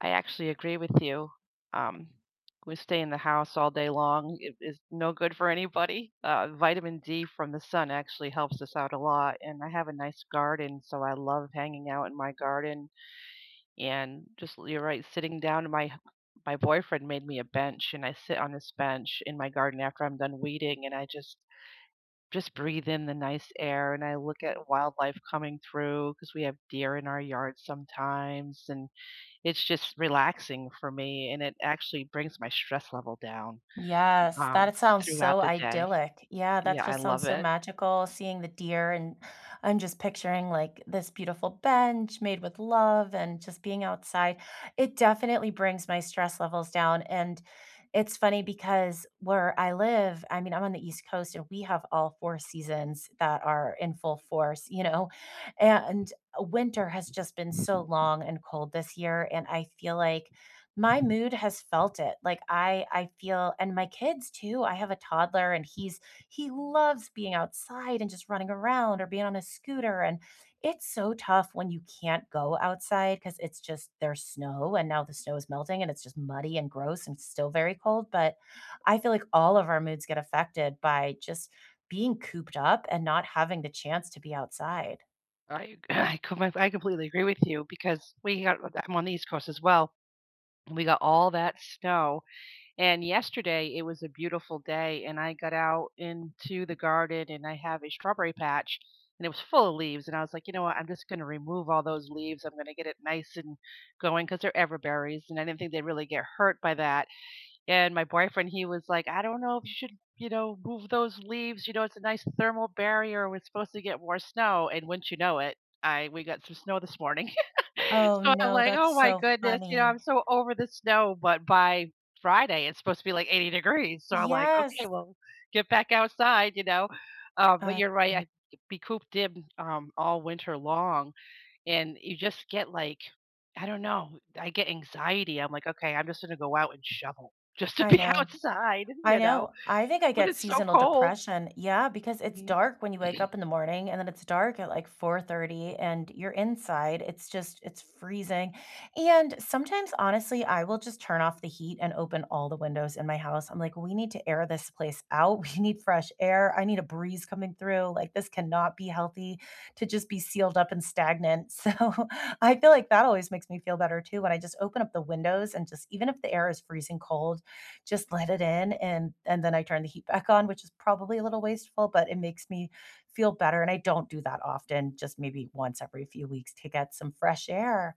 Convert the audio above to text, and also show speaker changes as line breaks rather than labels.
I actually agree with you. Um, we stay in the house all day long. It is no good for anybody. Uh, vitamin D from the sun actually helps us out a lot, and I have a nice garden, so I love hanging out in my garden. And just you're right sitting down my my boyfriend made me a bench and I sit on this bench in my garden after I'm done weeding and I just just breathe in the nice air and I look at wildlife coming through 'cause we have deer in our yard sometimes and it's just relaxing for me and it actually brings my stress level down,
Yes, that
um,
it sounds
throughout
so
the day.
idyllic. Yeah, that
Yeah, I
just
love
sounds so
it.
magical seeing the deer, and I'm just picturing, like, this beautiful bench made with love and just being outside. It definitely brings my stress levels down. And it's funny because where I live, I mean, I'm on the East Coast and we have all 4 seasons that are in full force, you know? And winter has just been so long and cold this year, and I feel like my mood has felt it. Like, I I feel and my kids, too. I have a toddler, and he's he loves being outside and just running around or being on a scooter. And it's so tough when you can't go outside 'cause it's just there's snow and now the snow is melting and it's just muddy and gross and still very cold. But I feel like all of our moods get affected by just being cooped up and not having the chance to be outside.
I I comp I completely agree with you because we got I'm on the East Coast as well. We got all that snow and yesterday it was a beautiful day and I got out into the garden and I have a strawberry patch and it was full of leaves and I was like, "You know what I'm just gonna remove all those leaves. I'm going to get it nice and going." 'Cause they're ever berries and I didn't think they really get hurt by that. And my boyfriend he was like "I don't know if you should, you know, move those leaves, you know, it's a nice thermal barrier we're supposed to get more snow." And wouldn't you know it, I we got some snow this morning.
Oh,
So I'm
no.
like,
That's
"Oh my
so
goodness." You know, I'm
funny.
so over the snow, but by Friday, it's supposed to be like 80 degrees. So, I'm like, "Okay,
Yes.
well, get back outside." You know, uh, but
I,
you're right.
m
I be cooped in, um, all winter long and you just get like, I don't know, I get anxiety. I'm like, "Okay, I'm just gonna go out and shovel just to
I
be
know,
outside."
I
You know,
know. I think I
when
get
it's so
seasonal
cold.
depression. Yeah, because it's
Mhm.
dark when you wake up in the morning, and then it's dark at, like, 4:30 and you're inside. It's just it's freezing. And sometimes, honestly, I will just turn off the heat and open all the windows in my house. I'm like, "We need to air this place out, we need fresh air, I need a breeze coming through. Like, this cannot be healthy to just be sealed up and stagnant." So, I feel like that always makes me feel better too when I just open up the windows and just even if the air is freezing cold, just let it in and and then I turn the heat back on, which is probably a little wasteful, but it makes me feel better and I don't do that often, just maybe once every few weeks to get some fresh air.